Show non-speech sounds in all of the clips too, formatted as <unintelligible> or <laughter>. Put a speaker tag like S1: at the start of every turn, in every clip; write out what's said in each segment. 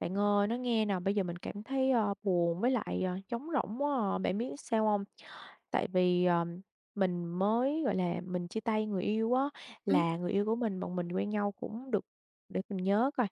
S1: Bạn ơi, nói nghe nè, bây giờ mình cảm thấy, ơ, buồn với lại, ờ, trống rỗng quá à. Bạn biết sao hông? Tại vì, ờ, mình mới, gọi là, mình chia tay người yêu á.
S2: Ừm.
S1: Là người yêu của mình, bọn mình quen nhau cũng được để mình nhớ coi,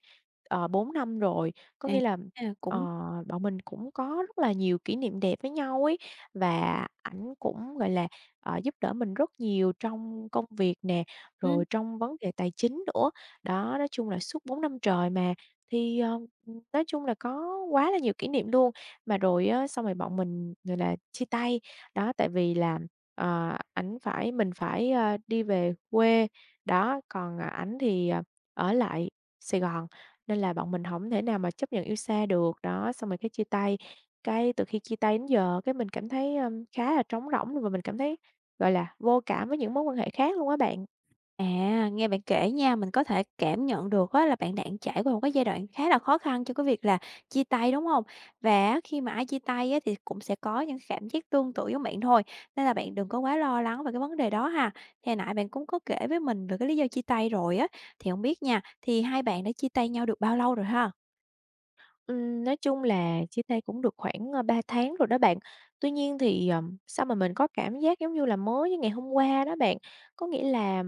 S1: ờ, 4 năm rồi. Có
S2: À,
S1: nghĩa là,
S2: à,
S1: ờ,
S2: cũng
S1: bọn mình cũng có rất là nhiều kỷ niệm đẹp với nhau ấy, và ảnh cũng, gọi là, ờ, giúp đỡ mình rất nhiều trong công việc nè, rồi
S2: Ừm.
S1: trong vấn đề tài chính nữa. Đó, nói chung là suốt 4 năm trời mà, thì, ờ, ừm, nói chung là có quá là nhiều kỷ niệm luôn. Mà rồi á xong rồi bọn mình, gọi là, chia tay, đó, tại vì là, ờ, ảnh phải mình phải, a, đi về quê, đó, còn ảnh thì ở lại Sài Gòn, nên là bọn mình hổng thể nào mà chấp nhận yêu xa được. Đó, xong rồi cái chia tay. Cái từ khi chia tay đến giờ cái mình cảm thấy, ơ, khá là trống rỗng, và mình cảm thấy, gọi là, vô cảm với những mối quan hệ khác luôn á bạn.
S2: À, nghe bạn kể nha mình có thể cảm nhận được á là bạn đang trải qua một cái giai đoạn khá là khó khăn cho cái việc là chia tay, đúng hông? Và á khi mà ai chia tay á thì cũng sẽ có những cái cảm giác tương tự giống bạn thôi, nên là bạn đừng có quá lo lắng về cái vấn đề đó ha. Thì hồi nãy bạn cũng có kể với mình về cái lý do chia tay rồi á, thì hông biết nha, thì hai bạn đã chia tay nhau được bao lâu rồi ha?
S1: Ừm, nói chung là chia tay cũng được khoảng, ơ, 3 tháng rồi đó bạn. Tuy nhiên thì, ờm, sao mà mình có cảm giác giống như là mới như ngày hôm qua đó bạn. Có nghĩa là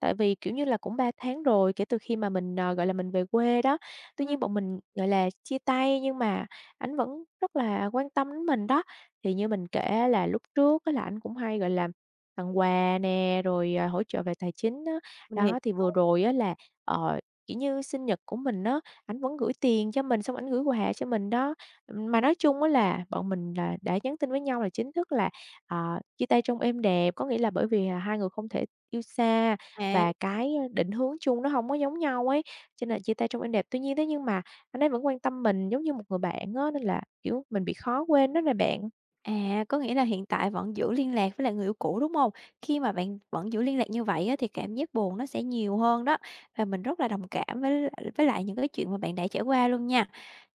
S1: tại vì, kiểu như là, cũng 3 tháng rồi, kể từ khi mà mình, ờ, gọi là, mình về quê đó, tuy
S2: Ừm.
S1: nhiên bọn mình, gọi là, chia tay nhưng mà ảnh vẫn rất là quan tâm đến mình đó. Thì như mình kể á là lúc trước á là ảnh cũng hay, gọi là, tặng quà nè, rồi, à, hỗ trợ về tài chính á,
S2: Mình hiểu.
S1: đó, thì vừa rồi á là, ờ, kiểu như, sinh nhật của mình á, ảnh vẫn gửi tiền cho mình xong ảnh gửi quà cho mình đó. Ừm, mà nói chung á là bọn mình là đã nhắn tin với nhau là chính thức là, ờ, chia tay trong êm đẹp, có nghĩa là bởi vì, à, hai người không thể yêu xa
S2: À.
S1: và cái, ơ, định hướng chung nó hông có giống nhau ấy, cho nên chia tay trong êm đẹp. Tuy nhiên thế nhưng mà anh ấy vẫn quan tâm mình giống như một người bạn á, nên là, kiểu, mình bị khó quên đó nè bạn.
S2: À, có nghĩa là hiện tại vẫn giữ liên lạc với lại người yêu cũ, đúng hông? Khi mà bạn vẫn giữ liên lạc như vậy á, thì cảm giác buồn nó sẽ nhiều hơn đó, và mình rất là đồng cảm với l với lại những cái chuyện mà bạn đã trải qua luôn nha.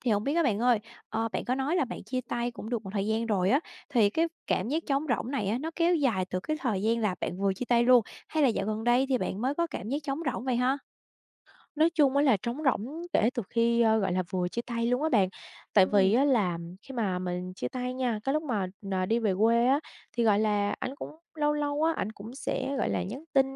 S2: Thì hổng biết á bạn ơi, ờ, bạn có nói là bạn chia tay cũng được một thời gian rồi á, thì cái cảm giác trống rỗng này á, nó kéo dài từ cái thời gian là bạn vừa chia tay luôn hay là dạo gần đây thì bạn mới có cảm giác trống rỗng vậy ha?
S1: Nói chung á là trống rỗng kể từ khi, a, gọi là, vừa chia tay luôn á bạn. Tại vì
S2: Ừm.
S1: á là khi mà mình chia tay nha, cái lúc mà, ờ, đi về quê á thì, gọi là, ảnh cũng lâu lâu á, ảnh cũng sẽ, gọi là, nhắn tin,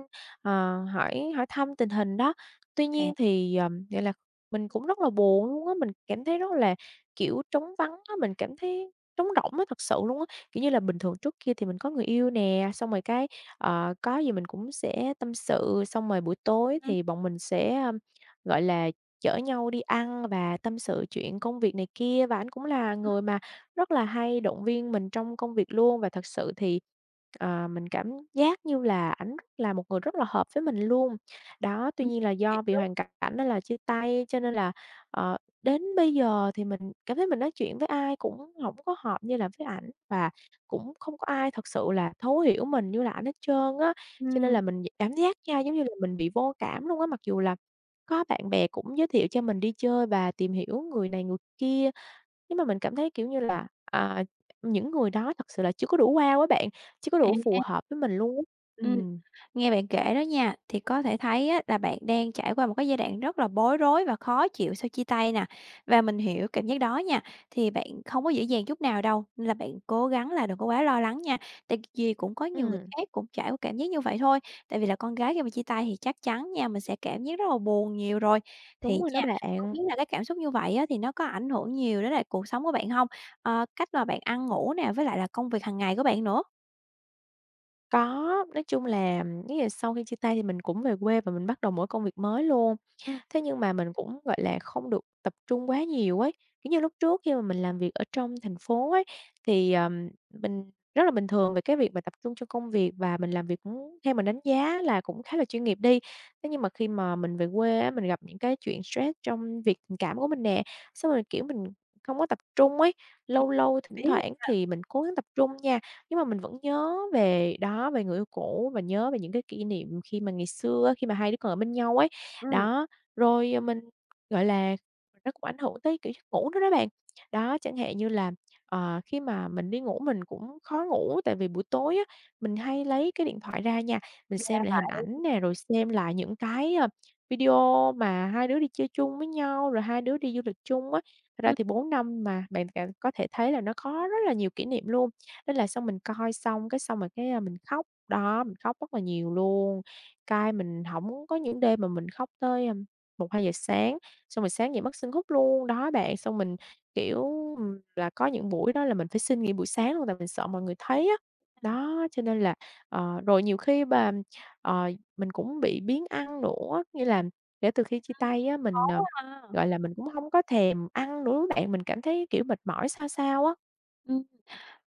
S1: ờ, hỏi hỏi thăm tình hình đó. Tuy
S2: À.
S1: nhiên thì, ờm, gọi là, mình cũng rất là buồn luôn á, mình cảm thấy rất là, kiểu, trống vắng á, mình cảm thấy trống rỗng á thật sự luôn á. Kiểu như là, bình thường trước kia thì mình có người yêu nè, xong rồi cái, ờ, có gì mình cũng sẽ tâm sự, xong rồi buổi tối
S2: Ừm.
S1: thì bọn mình sẽ, um, gọi là, chở nhau đi ăn và tâm sự chuyện công việc này kia, và ảnh cũng là
S2: Ừm.
S1: người mà rất là hay động viên mình trong công việc luôn. Và thật sự thì, ờ, mình cảm giác như là ảnh rất là một người rất là hợp với mình luôn. Đó, tuy
S2: Ừ.
S1: nhiên là
S2: Thiệt
S1: do vì
S2: luôn!
S1: hoàn c cảnh nên là chia tay cho nên là, ờ, đến bây giờ thì mình cảm thấy mình nói chuyện với ai cũng hổng có hợp như là với ảnh, và cũng không có ai thật sự là thấu hiểu mình như là ảnh hết trơn á. Cho nên là
S2: Ừm.
S1: mình d cảm giác nha giống như là mình bị vô cảm luôn á, mặc dù là có bạn bè cũng giới thiệu cho mình đi chơi và tìm hiểu người này người kia, nhưng mà mình cảm thấy, kiểu như là, à, những người đó thật sự là chưa có đủ wow á bạn, chưa có đủ phù
S2: À!
S1: hợp với mình luôn.
S2: Ừm.
S1: Ừm.
S2: Nghe bạn kể đó nha, thì có thể thấy á là bạn đang trải qua một cái giai đoạn rất là bối rối và khó chịu sau chia tay nè. Và mình hiểu cảm giác đó nha, thì bạn không có dễ dàng chút nào đâu, nên là bạn cố gắng là đừng có quá lo lắng nha, tại vì cũng có nhiều người
S1: Ừm.
S2: khác cũng trải qua cảm giác như vậy thôi. Tại vì là con gái khi mà chia tay thì chắc chắn nha mình sẽ cảm giác rất là buồn nhiều rồi. Thì
S1: Đúng rồi đó
S2: nha, không
S1: bạn.
S2: biết là cái cảm xúc như vậy á thì nó có ảnh hưởng nhiều đến lại cuộc sống của bạn hông? Ờ, cách mà bạn ăn ngủ nè, với lại là công việc hàng ngày của bạn nữa?
S1: Có, nói chung là giống như là mấy ngày sau khi chia tay thì mình cũng về quê và mình bắt đầu một cái công việc mới luôn,
S2: Ừm.
S1: thế nhưng mà mình cũng, gọi là, không được tập trung quá nhiều ấy, kiểu như, lúc trước khi mà mình làm việc ở trong thành phố ấy, thì, ờ, mình rất là bình thường về cái việc mà tập trung cho công việc và mình làm việc cũng theo mình đánh giá á là cũng khá là chuyên nghiệp đi, thế nhưng mà khi mà mình về quê á, mình gặp những cái chuyện stress trong việc tình cảm của mình nè, xong rồi, kiểu, mình không có tập trung ấy. Lâu lâu thỉnh
S2: <unintelligible>
S1: thoảng
S2: ha?
S1: thì mình cố gắng tập trung nha, nhưng mà mình vẫn nhớ về đó, về người yêu cũ, và nhớ về những cái kỷ niệm khi mà ngày xưa á, khi mà hai đứa còn ở bên nhau ấy.
S2: Ừm.
S1: Đó, rồi, ờ, mình, gọi là, nó cũng ảnh hưởng tới, kiểu, giấc ngủ nữa đó bạn. Đó, chẳng hạn như là, ờ, khi mà mình đi ngủ mình cũng khó ngủ tại vì buổi tối á, mình hay lấy cái điện thoại ra nha, mình xem
S2: <unintelligible>
S1: lại hình
S2: lại.
S1: ảnh nè, rồi xem lại những cái, ơ, video mà hai đứa đi chơi chung với nhau, rồi hai đứa đi du lịch chung á. Thật ra
S2: Ừm.
S1: thì 4 năm mà bạn cảm có thể thấy là nó có rất là nhiều kỷ niệm luôn. Thế là xong mình coi xong, cái xong rồi cái, a, mình khóc, đó, mình khóc rất là nhiều luôn, cái mình hổng có những đêm mà mình khóc tới, ưm, 1:00-2:00 sáng, xong rồi sáng dậy mắt sưng húp luôn. Đó bạn, xong mình, kiểu, ừm, là có những buổi đó là mình phải xin nghỉ buổi sáng luôn tại mình sợ mọi người
S2: Ừm,
S1: thấy á.
S2: hiểu nha.
S1: Đó, cho nên là ờ, rồi nhiều khi mà, ờ, mình cũng bị biếng ăn nữa á, nghĩa là kể từ khi chia
S2: Ừm.
S1: tay á,
S2: Khó
S1: mình, ờ,
S2: quá ha!
S1: gọi là, mình cũng hông có thèm ăn nữa á bạn, mình cảm thấy, kiểu, mệt mỏi sao sao á.
S2: Ừm,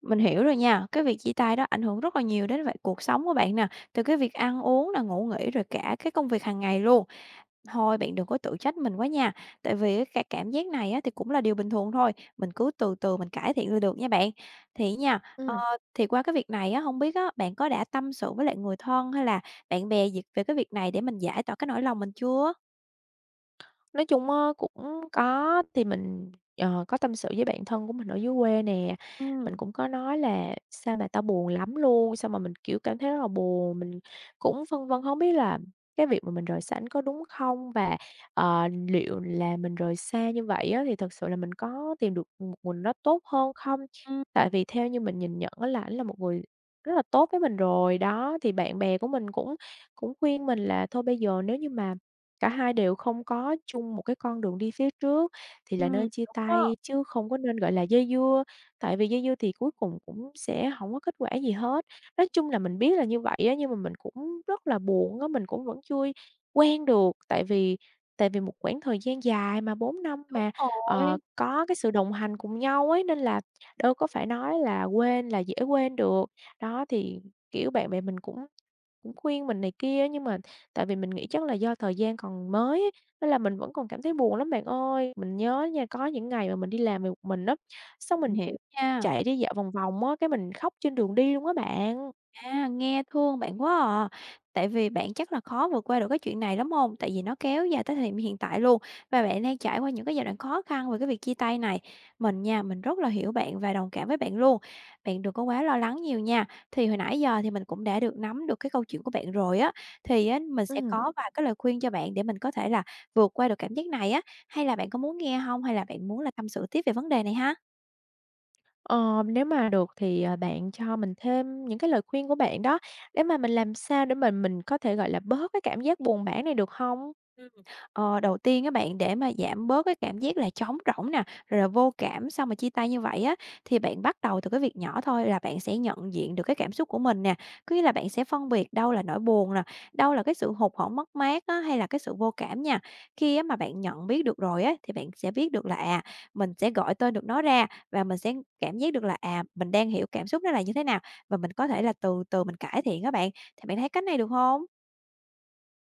S2: mình hiểu rồi nha, cái việc chia tay đó ảnh hưởng rất là nhiều đến vại cuộc sống của bạn nè, từ cái việc ăn uống nè, ngủ nghỉ rồi cả cái công việc hàng ngày luôn. Thôi, bạn đừng có tự trách mình quá nha! Tại vì, ca cảm giác này á thì cũng là điều bình thường thôi, mình cứ từ từ mình cải thiện là được nha bạn. Thì á nha, ờ,
S1: Ừm.
S2: thì qua cái việc này á, hông biết á, bạn có đã tâm sự với lại người thân hay là bạn bè gì về cái việc này để mình giải tỏa cái nỗi lòng mình chưa?
S1: Nói chung á cũng có, thì mình, ờ, có tâm sự với bạn thân của mình ở dưới quê nè, mình
S2: Ừm.
S1: cũng có nói là ''Sao mà tao buồn lắm luôn!", xong mà mình, kiểu, cảm thấy rất là buồn, mình cũng phân vân hông biết là cái việc mà mình rời xa ảnh có đúng không và, ờ, liệu là mình rời xa như vậy á thì thật sự là mình có tìm được một mình nó tốt hơn không? Tại
S2: Ừm.
S1: vì theo như mình nhìn nhận á là ảnh là một người rất là tốt với mình rồi, đó, thì bạn bè của mình cũng cũng khuyên mình là thôi bây giờ nếu như mà cả hai đều không có chung một cái con đường đi phía trước thì là
S2: Ừm,
S1: nên chia
S2: đúng đó.
S1: tay chứ không có nên, gọi là, dây dưa, tại vì dây dưa thì cuối cùng cũng sẽ hổng có kết quả gì hết. Nói chung là mình biết là như vậy á, nhưng mà mình cũng rất là buồn á, mình cũng vẫn chưa quen được, tại vì tại vì một quãng thời gian dài mà, 4 năm
S2: Đúng
S1: mà, ờ,
S2: rồi.
S1: có cái sự đồng hành cùng nhau ấy, nên là đâu có phải nói là quên là dễ quên được. Đó thì, kiểu, bạn bè mình cũng cũng khuyên mình này kia, nhưng mà tại vì mình nghĩ chắc là do thời gian còn mới ấy, nên là mình vẫn còn cảm thấy buồn lắm bạn ơi! Mình nhớ nha, có những ngày mà mình đi làm về một mình á, xong
S2: Mình
S1: mình
S2: hiểu nha.
S1: chạy đi dạo vòng vòng á, cái mình khóc trên đường đi luôn á bạn.
S2: À, nghe thương bạn quá à! Tại vì bạn chắc là khó vượt qua được cái chuyện này lắm hông? Tại vì nó kéo dài tới thời điểm hiện tại luôn và bạn đang trải qua những cái giai đoạn khó khăn về cái việc chia tay này. Mình nha, mình rất là hiểu bạn và đồng cảm với bạn luôn. Bạn đừng có quá lo lắng nhiều nha! Thì hồi nãy giờ thì mình cũng đã được nắm được cái câu chuyện của bạn rồi á, thì á mình sẽ
S1: Ừm.
S2: có vài cái lời khuyên cho bạn để mình có thể là vượt qua được cảm giác này á. Hay là bạn có muốn nghe hông, hay là bạn muốn là tâm sự tiếp về vấn đề này ha?
S1: Ờ, nếu mà được thì, ờ, bạn cho mình thêm những cái lời khuyên của bạn đó, để mà mình làm sao để mà mình có thể, gọi là, bớt cái cảm giác buồn bã này được hông?
S2: Ừm, ờ, đầu tiên á bạn, để mà giảm bớt cái cảm giác là trống rỗng nè, rồi là vô cảm sau mà chia tay như vậy á, thì bạn bắt đầu từ cái việc nhỏ thôi là bạn sẽ nhận diện được cái cảm xúc của mình nè. Có nghĩa là bạn sẽ phân biệt đâu là nỗi buồn nè, đâu là cái sự hụt hẫng mất mát á hay là cái sự vô cảm nha. Khi á mà bạn nhận biết được rồi á, thì bạn sẽ biết được là à, mình sẽ gọi tên được nó ra và mình sẽ cảm giác được là, à, mình đang hiểu cảm xúc nó là như thế nào, và mình có thể là từ từ mình cải thiện á bạn. Thì bạn thấy cách này được hông?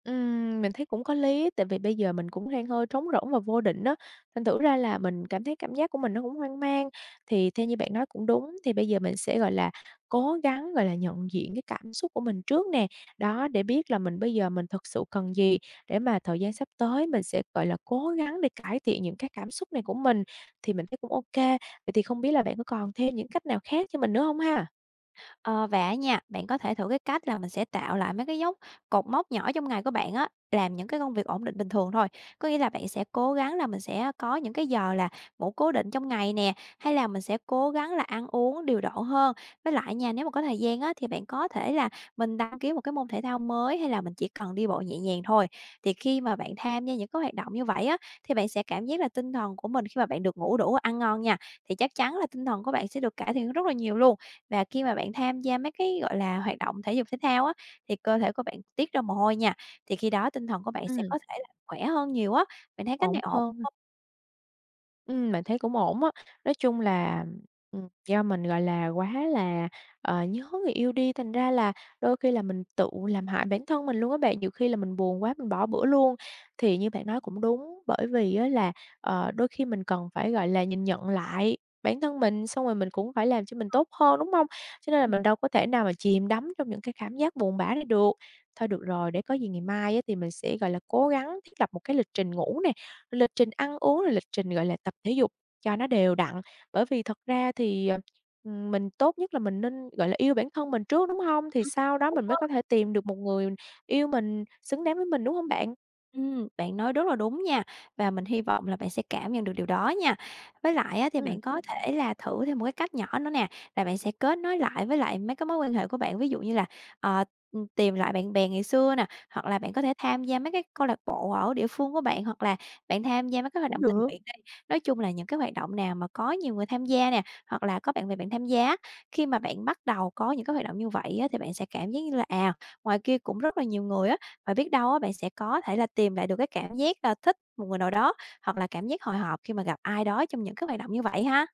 S1: Ừm, mình thấy cũng có lý, tại vì bây giờ mình cũng hang hơi trống rỗng và vô định á. Thành thử ra là mình cảm thấy cảm giác của mình nó cũng hoang mang. Thì theo như bạn nói cũng đúng, thì bây giờ mình sẽ, gọi là, cố gắng, gọi là, nhận diện cái cảm xúc của mình trước nè, đó, để biết là mình bây giờ mình thực sự cần gì, để mà thời gian sắp tới mình sẽ, gọi là, cố gắng để cải thiện những cái cảm xúc này của mình, thì mình thấy cũng ô kê. Vậy thì không biết là bạn có còn thêm những cách nào khác cho mình nữa hông ha?
S2: Ờ, và á nha, bạn có thể thử cái cách là mình sẽ tạo lại mấy cái dấu cột mốc nhỏ trong ngày của bạn á, làm những cái công việc ổn định bình thường thôi, có nghĩa là bạn sẽ cố gắng là mình sẽ có những cái giờ là ngủ cố định trong ngày nè, hay là mình sẽ cố gắng là ăn uống điều độ hơn. Với lại nha, nếu mà có thời gian á, thì bạn có thể là mình đăng ký một cái môn thể thao mới hay là mình chỉ cần đi bộ nhẹ nhàng thôi, thì khi mà bạn tham gia những cái hoạt động như vậy á, thì bạn sẽ cảm giác là tinh thần của mình khi mà bạn được ngủ đủ ăn ngon nha, thì chắc chắn là tinh thần của bạn sẽ được cải thiện rất là nhiều luôn. Và khi mà bạn tham gia mấy cái, gọi là, hoạt động thể dục thể thao á, thì cơ thể của bạn tiết ra mồ hôi nha, thì khi đó tinh thần của bạn sẽ
S1: Ừm.
S2: có thể là khỏe hơn nhiều á. Bạn thấy cách
S1: Ổn
S2: này ổn
S1: hơn ha.
S2: hông?
S1: Ừm, bạn thấy cũng ổn á. Nói chung là, ừm, do mình, gọi là, quá là, ờ, nhớ người yêu đi, thành ra là đôi khi là mình tự làm hại bản thân mình luôn á bạn, nhiều khi là mình buồn quá mình bỏ bữa luôn, thì như bạn nói cũng đúng, bởi vì á là, ờ, đôi khi mình cần phải, gọi là, nhìn nhận lại bản thân mình, xong rồi mình cũng phải làm cho mình tốt hơn, đúng hông? Cho nên là mình đâu có thể nào mà chìm đắm trong những cái cảm giác buồn bã này được. Thôi được rồi, để có gì ngày mai á thì mình sẽ, gọi là, cố gắng thiết lập một cái lịch trình ngủ nè, rồi lịch trình ăn uống, rồi lịch trình, gọi là, tập thể dục cho nó đều đặn, bởi vì thật ra thì, ờ, ừm, mình tốt nhất là mình nên, gọi là, yêu bản thân mình trước, đúng hông? Thì
S2: Ừm.
S1: sau đó
S2: Đúng
S1: mình mới
S2: đó.
S1: có thể tìm được một người yêu mình, xứng đáng với mình, đúng hông bạn?
S2: Ừm, bạn nói rất là đúng nha, và mình hy vọng là bạn sẽ cảm nhận được điều đó nha. Với lại á, thì
S1: Ừm.
S2: bạn có thể là thử thêm một cái cách nhỏ nữa nè, là bạn sẽ kết nối lại với lại mấy cái mối quan hệ của bạn, ví dụ như là, ờ, ừm, tìm lại bạn bè ngày xưa nè, hoặc là bạn có thể tham gia mấy cái câu lạc bộ ở địa phương của bạn, hoặc là bạn tham gia mấy cái hoạt
S1: Cũng
S2: động tình
S1: được.
S2: nguyện đi, nói chung là những cái hoạt động nào mà có nhiều người tham gia nè, hoặc là có bạn bè bạn tham gia á. Khi mà bạn bắt đầu có những cái hoạt động như vậy á, thì bạn sẽ cảm giác như là, à, ngoài kia cũng rất là nhiều người á, và biết đâu á bạn sẽ có thể là tìm lại được cái cảm giác là thích một người nào đó, hoặc là cảm giác hồi hộp khi mà gặp ai đó trong những cái hoạt động như vậy ha.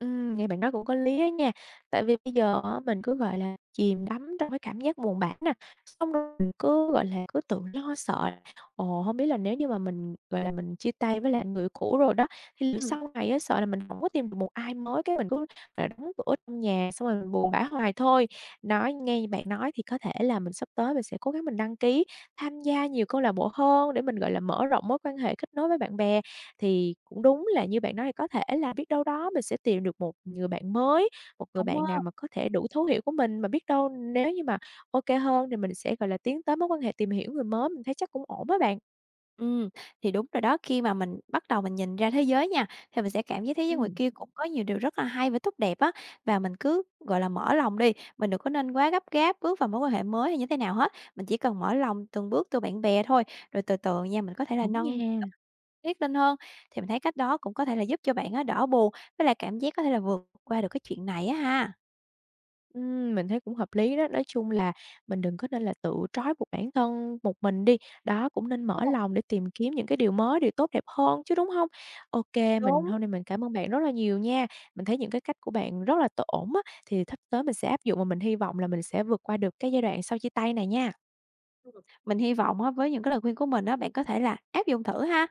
S1: Ừm, nghe bạn nói cũng có lý á nha. Tại vì bây giờ á mình cứ, gọi là, chìm đắm trong cái cảm giác buồn bã nè, xong <unintelligible> mình cứ, gọi là, cứ tự lo sợ <unintelligible> "Ồ, hông biết là nếu như mà mình, gọi là, mình chia tay với lại anh người yêu cũ rồi đó, thì liệu
S2: Ừm.
S1: sau này á sợ là mình hổng có tìm được một ai mới, cái mình cứ phải đóng cửa trong nhà, xong rồi mình buồn bã hoài thôi." Nói ngay bạn nói thì có thể là mình sắp tới mình sẽ cố gắng mình đăng ký tham gia nhiều câu lạc bộ hơn để mình, gọi là, mở rộng mối quan hệ, kết nối với bạn bè. Thì cũng đúng là như bạn nói, có thể là biết đâu đó mình sẽ tìm được một người bạn mới, một người
S2: Đúng
S1: bạn nào
S2: á.
S1: mà có thể đủ thấu hiểu của mình, mà biết đâu nếu như mà OK hơn thì mình sẽ, gọi là, tiến tới mối quan hệ tìm hiểu người mới, mình thấy chắc cũng ổn á bạn.
S2: Ừm. Thì đúng rồi đó. Khi mà mình bắt đầu mình nhìn ra thế giới nha, thì mình sẽ cảm giác thế giới ngoài
S1: Ừm.
S2: kia cũng có nhiều điều rất là hay và tốt đẹp á. Và mình cứ, gọi là, mở lòng đi! Mình đừng có nên quá gấp gáp bước vào mối quan hệ mới hay như thế nào hết, mình chỉ cần mở lòng từng bước từ bạn bè thôi, rồi từ từ nha, mình có thể là
S1: Đúng
S2: nâng
S1: nha.
S2: <unintelligible> tiết lên hơn. Thì mình thấy cách đó cũng có thể là giúp cho bạn á đỡ buồn, với lại cảm giác có thể là vượt qua được cái chuyện này á ha!
S1: Ừm, mình thấy cũng hợp lý đó. Nói chung là mình đừng có nên là tự trói buộc bản thân một mình đi. Đó, cũng nên mở
S2: <unintelligible>
S1: lòng để tìm kiếm những cái điều mới, điều tốt đẹp hơn chứ, đúng hông? OK, mình
S2: Đúng.
S1: hôm nay mình cảm ơn bạn rất là nhiều nha! Mình thấy những cái cách của bạn rất là t ổn á, thì thắp tới mình sẽ áp dụng và mình hy vọng là mình sẽ vượt qua được cái giai đoạn sau chia tay này nha.
S2: Ừm. Mình hy vọng á, với những cái lời khuyên của mình á, bạn có thể là áp dụng thử ha!